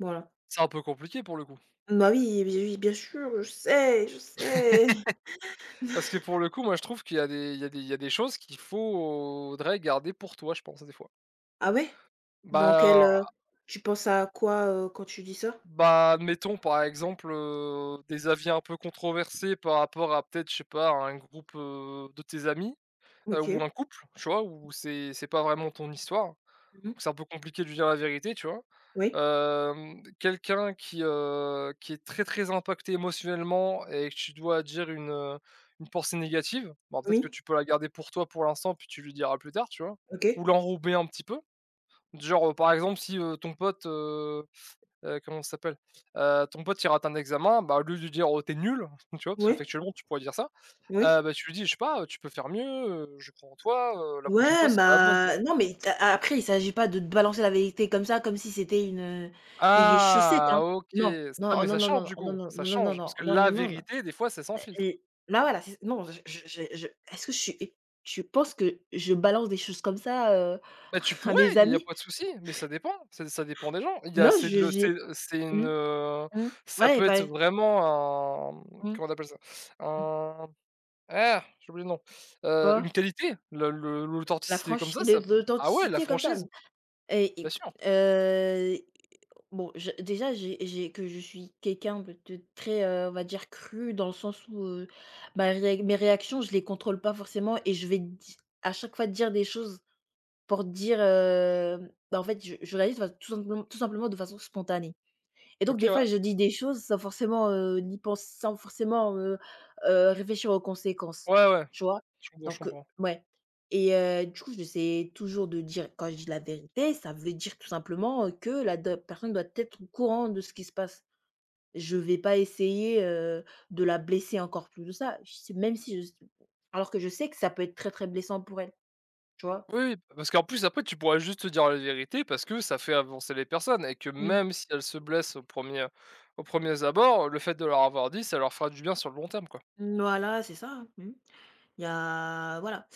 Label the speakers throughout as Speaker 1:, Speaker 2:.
Speaker 1: Voilà.
Speaker 2: C'est un peu compliqué pour le coup.
Speaker 1: Bah, oui, beh oui, bien sûr, je sais je sais.
Speaker 2: Parce que pour le coup, moi je trouve qu'il a des il y a des il y a des choses qu'il faudrait garder pour toi, je pense, heu, des fois.
Speaker 1: Ah ouais? Dans quel,
Speaker 2: Bah,
Speaker 1: heu,
Speaker 2: heu
Speaker 1: tu penses à quoi, heu, quand tu dis ça?
Speaker 2: bah, admettons, par exemple, heu, des avis un peu controversés par rapport à peut-être, je sais pas, à un groupe, heu, de tes amis, heu, ou
Speaker 1: OK.
Speaker 2: un couple, tu vois? Où c'est c'est pas vraiment ton histoire,
Speaker 1: Mmh mh.
Speaker 2: où c'est un peu compliqué de lui dire la vérité, tu vois?
Speaker 1: Oui.
Speaker 2: Hem, quelqu'un qui, heu, qui est très, très impacté émotionnellement et que tu dois dire une, heu, une pensée négative. Bon, peut-être que
Speaker 1: Oui.
Speaker 2: tu peux la garder pour toi pour l'instant puis tu lui diras plus tard, tu vois?
Speaker 1: OK.
Speaker 2: Ou l'enrober un petit peu. Du genre, heu, par exemple, si, heu, ton pote, heu heu, comment ça s'appelle, heu, ton pote il rate à un examen, bah, au lieu de lui dire: «Oh, tu es nul!» enfin, tu vois, parce que
Speaker 1: Ouais.
Speaker 2: factuellement tu pourrais dire ça,
Speaker 1: Oui.
Speaker 2: heu, bah tu lui dis: «Je sais pas, tu peux faire mieux, heu, je crois en toi, heu, la prochaine
Speaker 1: Ouais,
Speaker 2: fois sera la bonne», tu vois?
Speaker 1: bah, non mais il t'a a a après, il s'agit pas de t balancer la vérité comme ça, comme si c'était une, heu, des vieilles chaussettes,
Speaker 2: Ah,
Speaker 1: hein.
Speaker 2: OK,
Speaker 1: Non, non,
Speaker 2: ah
Speaker 1: ah,
Speaker 2: mais
Speaker 1: non
Speaker 2: ça
Speaker 1: non, non
Speaker 2: change
Speaker 1: non,
Speaker 2: du
Speaker 1: ah, non
Speaker 2: coup,
Speaker 1: non,
Speaker 2: ça
Speaker 1: non non
Speaker 2: change, parce
Speaker 1: non
Speaker 2: que
Speaker 1: non, non,
Speaker 2: la
Speaker 1: non, non.
Speaker 2: vérité, des fois, c'est sans
Speaker 1: Bah
Speaker 2: filtre.
Speaker 1: eh, là, voilà c'est ça. Non j j j'ai je est-ce que je suis é je pense que je balance des choses comme ça, heu,
Speaker 2: Bah, tu
Speaker 1: à
Speaker 2: pourrais,
Speaker 1: mes
Speaker 2: il y a
Speaker 1: amis.
Speaker 2: pas de souci, mais ça dépend, ç ça dépend des gens. Il y a
Speaker 1: Non
Speaker 2: c'est de
Speaker 1: je
Speaker 2: le
Speaker 1: j'ai
Speaker 2: c'est c'est une,
Speaker 1: mmh,
Speaker 2: heu,
Speaker 1: mmh,
Speaker 2: ça
Speaker 1: ouais et
Speaker 2: peut être
Speaker 1: paé
Speaker 2: vraiment un,
Speaker 1: Mmh.
Speaker 2: comment on appelle ça?
Speaker 1: Mmh.
Speaker 2: Un j'ai oublié le nom, heu,
Speaker 1: Quoi?
Speaker 2: une qualité. Le l'au
Speaker 1: La
Speaker 2: l'authenticité comme
Speaker 1: franchise,
Speaker 2: ça
Speaker 1: les
Speaker 2: ça, mmh, ah ouais, la
Speaker 1: l'authenticité comme ça.
Speaker 2: franchise,
Speaker 1: Et
Speaker 2: bien
Speaker 1: i
Speaker 2: sûr.
Speaker 1: heu, bon, j déjà que j'ai j'ai que je suis quelqu'un de de très, heu, on va dire cru, dans le sens où, heu, bah, ré mes réactions, je les contrôle pas forcément et je vais di à chaque fois dire des choses pour dire, heu, bah, fait je je réalise, bah, tout simplement tout simplement de façon spontanée. Et donc,
Speaker 2: OK
Speaker 1: des fois
Speaker 2: ouais.
Speaker 1: je dis des choses sans forcément, heu, ni pens sans forcement, heu heu, réfléchir aux conséquences.
Speaker 2: Ouais, ouais
Speaker 1: Tu vois?
Speaker 2: je comprends je
Speaker 1: Donc, heu,
Speaker 2: comprends.
Speaker 1: ouais. Et heu, du coup j'essaie toujours de dire quand je dis la vérité, ça veut dire tout simplement, heu, que la d'op personne doit être au courant de ce qui se passe. Je vais pas essayer, heu, de la blesser encore plus que ça. Je s même si je s alors que je sais que ça peut être très très blessant pour elle, tu vois?
Speaker 2: Oui, p parce qu'en plus après, tu pourrais juste dire la vérité parce que, ça fait avancer les personnes et que
Speaker 1: Mmh.
Speaker 2: même si elles se blessent au 1re aux premiers abords, le fait de leur avoir dit, ça leur fera du bien sur le long terme, quoi.
Speaker 1: Mmh, voilà, c'est ça, mmh. Il y a voilà,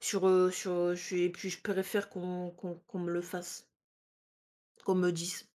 Speaker 1: sur, heu, sur, heu, su et puis je préfère faire qu'on qu'on qu'on me le fasse qu'on me dise.